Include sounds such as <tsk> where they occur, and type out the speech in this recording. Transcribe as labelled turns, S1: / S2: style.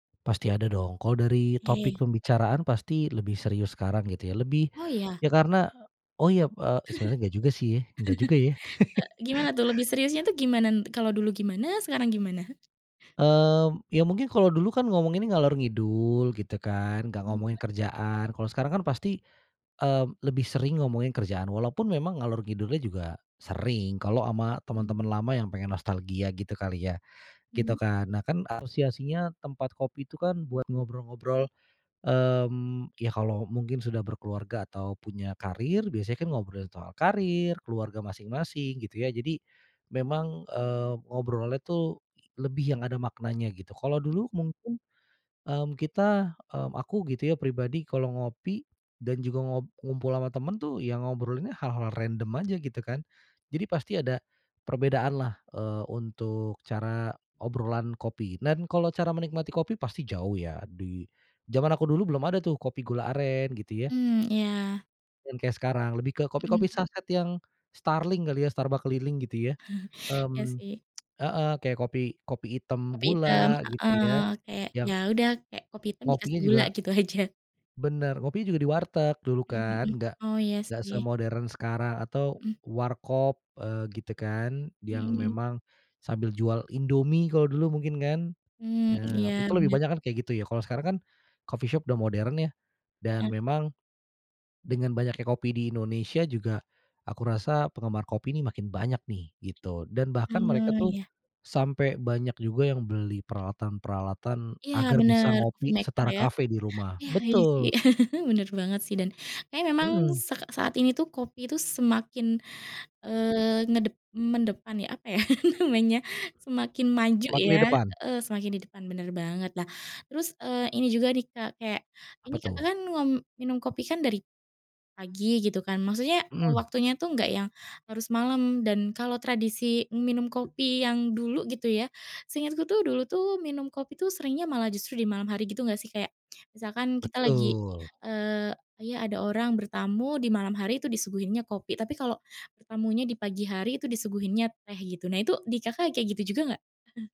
S1: Pasti ada dong. Kalau dari topik
S2: Oke.
S1: pembicaraan pasti lebih serius sekarang, gitu, ya. Lebih,
S2: Oh, iya?
S1: ya, karena oh, iya, eee, sebenernya nggak juga, sih ya. Enggak juga, ya.
S2: <laughs> E
S1: <laughs>
S2: gimana tuh? Lebih seriusnya tuh gimana, kalau dulu gimana? Sekarang gimana?
S1: Mmm, ya, mungkin kalau dulu, kan, ngomonginnya ngalor-ngidul, gitu, kan. Enggak ngomongin
S2: <unintelligible>
S1: kerjaan, kalau sekarang, kan, pasti, eee, lebih sering ngomongin kerjaan. walaupun memang ngalor-ngidul-nya juga sering. Kalau sama
S2: Hmm.
S1: teman-teman lama yang pengen nostalgia, gitu kali, ya, gitu,
S2: Hmm.
S1: kan. Nah, kan, asosiasinya tempat kopi itu, kan, buat ngobrol-ngobrol, mmm, ya, kalau mungkin sudah berkeluarga atau punya karir, biasanya kan, ngobrolin soal karir, keluarga masing-masing, gitu, ya. Jadi, memang, eee, ngobrolnya, tuh, lebih yang ada maknanya, gitu. Kalau
S2: Heeh.
S1: dulu mungkin, mmm, kita, mmm, aku gitu, ya, pribadi kalau ngopi, dan juga ngob ngumpul sama temen, tuh, ya ngobrolinnya hal-hal random aja, gitu, kan. Jadi pasti ada, perbedaanlah, eee, untuk cara obrolan kopi. Dan kalau cara menikmati kopi pasti jauh, ya, di, zaman aku dulu belum ada, tuh, kopi gula aren, gitu, ya.
S2: Mmm, iya.
S1: Yang kayak sekarang, lebih ke
S2: Hmm.
S1: kopi-kopi saset yang, starling kali, ya, Starbucks keliling, gitu, ya.
S2: <chuckles> Iya,
S1: Mmm,
S2: sih.
S1: <tsk> heeh, kayak kopi kopi hitam
S2: Kopi hitam,
S1: gula, gitu, ya.
S2: heeh. Kayak, ya
S1: Yang
S2: udah, kayak kopi hitam dikasih
S1: ngopinya
S2: gula,
S1: juga
S2: gitu aja.
S1: bener, kopinya juga di warteg dulu,
S2: Mmm, hmm.
S1: kan. Nggak
S2: Oh, iya
S1: nggak
S2: sih.
S1: semodern sekarang atau
S2: Hmm.
S1: warkop, eee, gitu, kan,
S2: Hmm
S1: yang
S2: hmm.
S1: memang, sambil jual Indomie kalau dulu mungkin, kan.
S2: Mmm,
S1: Ya,
S2: iya
S1: itu lebih
S2: bener.
S1: banyak, kan, kayak gitu, ya. Kalau sekarang, kan, coffee shop sudah modern, ya, dan
S2: Heeh.
S1: memang, dengan banyaknya kopi di Indonesia juga, aku rasa penggemar kopi ini makin banyak, nih, gitu. Dan bahkan mereka,
S2: Oh,
S1: tuh,
S2: iya.
S1: sampai banyak juga yang beli peralatan-peralatan
S2: Iya
S1: agar bisa
S2: bener, coffee
S1: ngopi
S2: maker
S1: setara
S2: ya.
S1: kafe di rumah,
S2: Iya iya sih.
S1: betul.
S2: <laughs> Bener banget sih, dan kayaknya memang
S1: Hmm.
S2: sek saat ini tuh kopi itu semakin, eee, ngedep mendepan ya? Apa ya <laughs> namanya? Semakin maju
S1: Semakin di
S2: ya,
S1: depan.
S2: heeh, semakin di depan bener banget. Lah, terus, eee, ini juga nih Kak, kayak,
S1: Apa,
S2: ini
S1: tuh?
S2: Kakak kan wam minum kopi kan dari, pagi gitu kan, maksudnya
S1: Hmm.
S2: waktunya tuh enggak yang harus malam, dan kalau tradisi minum kopi yang dulu gitu ya, seingatku tuh dulu tuh minum kopi tuh seringnya malah justru di malam hari gitu nggak sih? Kayak, misalkan kita lagi,
S1: Betul.
S2: eee, kayak ada orang bertamu di malam hari itu disuguhinnya kopi, tapi kalau, bertamunya di pagi hari itu disuguhinnya teh, gitu. Nah itu di Kakak kayak gitu juga nggak? <chuckles>